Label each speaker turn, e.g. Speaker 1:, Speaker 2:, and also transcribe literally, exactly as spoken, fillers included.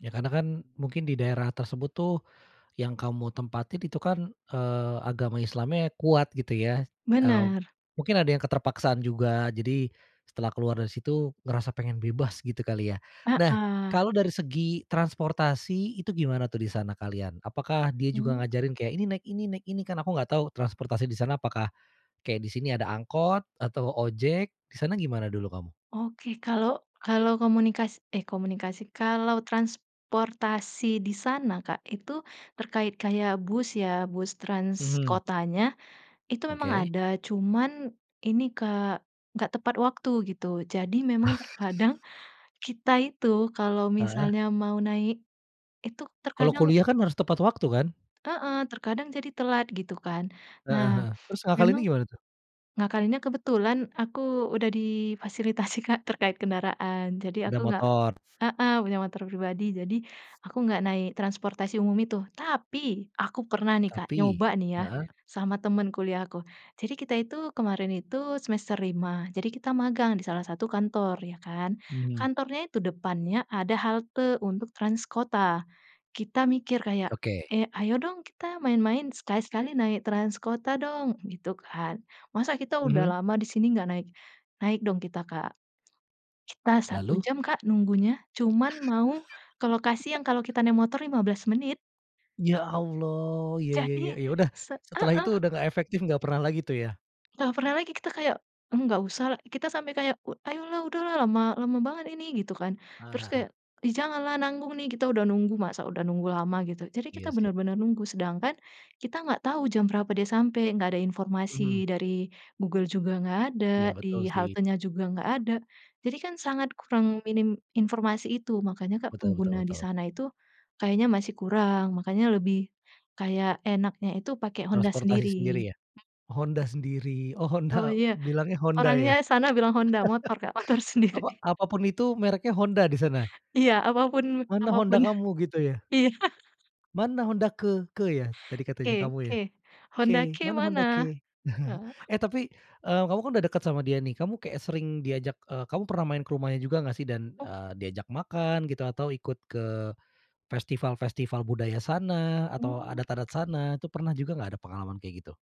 Speaker 1: Ya, karena kan, mungkin di daerah tersebut tuh, yang kamu mau tempatin itu kan, eee, agama Islamnya kuat, gitu ya. Eee,
Speaker 2: Benar.
Speaker 1: mungkin ada yang keterpaksaan juga, jadi setelah keluar dari situ ngerasa pengen bebas, gitu kali ya. Nah,
Speaker 2: Heeh.
Speaker 1: kalau dari segi transportasi itu gimana tuh, di sana kalian? Apakah dia juga
Speaker 2: Hmm.
Speaker 1: ngajarin kayak ini, naik ini, naik ini, kan aku gak tau transportasi di sana apakah kayak di sini ada angkot atau ojek. Di sana gimana dulu kamu?
Speaker 2: Oke, kalau kalau komunikasi eh, komunikasi, kalau transportasi di sana, Kak, itu terkait kayak bus ya, bus trans
Speaker 1: Mhm.
Speaker 2: kotanya, itu memang
Speaker 1: Oke.
Speaker 2: ada, cuman ini, Kak, enggak tepat waktu gitu jadi memang terkadang kita itu kalau
Speaker 1: Heeh.
Speaker 2: misalnya mau naik, itu
Speaker 1: Kalau
Speaker 2: terkadang
Speaker 1: kuliah kan harus tepat waktu kan?
Speaker 2: heeh, terkadang jadi telat, gitu kan. Nah,
Speaker 1: Heeh heeh. Terus
Speaker 2: memang
Speaker 1: ngakalinnya gimana tuh?
Speaker 2: ngakalinnya kebetulan aku udah difasilitasi, Kak, terkait kendaraan, jadi aku
Speaker 1: Udah
Speaker 2: nggak
Speaker 1: motor.
Speaker 2: heeh, punya motor pribadi, jadi aku nggak naik transportasi umum itu. Tapi aku pernah nih, Kak,
Speaker 1: Tapi?
Speaker 2: nyoba nih ya
Speaker 1: Heeh.
Speaker 2: sama temen kuliah aku, jadi kita itu kemarin itu semester lima, jadi kita magang di salah satu kantor, ya kan.
Speaker 1: Mhm.
Speaker 2: Kantornya itu depannya ada halte untuk trans kota, kita mikir kayak,
Speaker 1: Oke.
Speaker 2: "Eh, ayo dong kita main-main sekali-kali naik trans kota dong!" gitu kan. "Masa kita udah
Speaker 1: Mhm.
Speaker 2: lama di sini nggak naik?" Naik dong kita, Kak. Kita satu
Speaker 1: Lalu?
Speaker 2: jam, Kak, nunggunya cuman mau ke lokasi yang kalau kita naik motor lima belas menit.
Speaker 1: Ya Allah, ya ya ya
Speaker 2: Jadi
Speaker 1: ya udah,
Speaker 2: se
Speaker 1: setelah itu
Speaker 2: heeh.
Speaker 1: udah nggak efektif nggak pernah lagi tuh ya?
Speaker 2: Nah, pernah lagi kita kayak, eee, "Nggak usah" kita sampai kayak, "Ayolah, udahlah lama lama banget ini," gitu kan.
Speaker 1: Eee,
Speaker 2: Terus
Speaker 1: heeh.
Speaker 2: kayak, "Ih, janganlah nanggung nih, kita udah nunggu, masa udah nunggu lama," gitu. Jadi kita
Speaker 1: Iya sih.
Speaker 2: bener-bener nunggu, sedangkan kita nggak tahu jam berapa dia sampai, nggak ada informasi
Speaker 1: Mhm.
Speaker 2: dari Google juga nggak ada,
Speaker 1: Iya, betul
Speaker 2: di
Speaker 1: sih.
Speaker 2: haltenya juga nggak ada, jadi kan sangat kurang, minim informasi itu, makanya, Kak,
Speaker 1: Betul betul
Speaker 2: pengguna di
Speaker 1: betul.
Speaker 2: sana itu kayaknya masih kurang, makanya lebih kayak enaknya itu pakai Honda
Speaker 1: Transportasi
Speaker 2: sendiri.
Speaker 1: sendiri ya? Honda sendiri, oh,
Speaker 2: Oh
Speaker 1: Honda
Speaker 2: iya,
Speaker 1: bilangnya Honda
Speaker 2: orangnya
Speaker 1: ya?
Speaker 2: sana bilang Honda, motor Kak, motor sendiri.
Speaker 1: Apa apapun itu mereknya Honda di sana.
Speaker 2: Iya, apapun
Speaker 1: Mana
Speaker 2: apapun.
Speaker 1: Honda kamu gitu ya?
Speaker 2: Iya.
Speaker 1: Mana Honda ke ke ya? Tadi katanya
Speaker 2: Ke
Speaker 1: kamu ya?
Speaker 2: ke, Honda
Speaker 1: Ke,
Speaker 2: ke
Speaker 1: Mana Honda
Speaker 2: mana?
Speaker 1: ke?
Speaker 2: Heeh.
Speaker 1: Eh, tapi, eee, kamu kan udah deket sama dia nih, kayak sering, eee, diajak kamu pernah main ke rumahnya juga gak sih? Dan,
Speaker 2: Oh.
Speaker 1: eee, diajak makan gitu atau ikut ke festival-festival budaya sana atau
Speaker 2: Mmm.
Speaker 1: adat-adat sana, itu pernah juga gak ada pengalaman kayak gitu?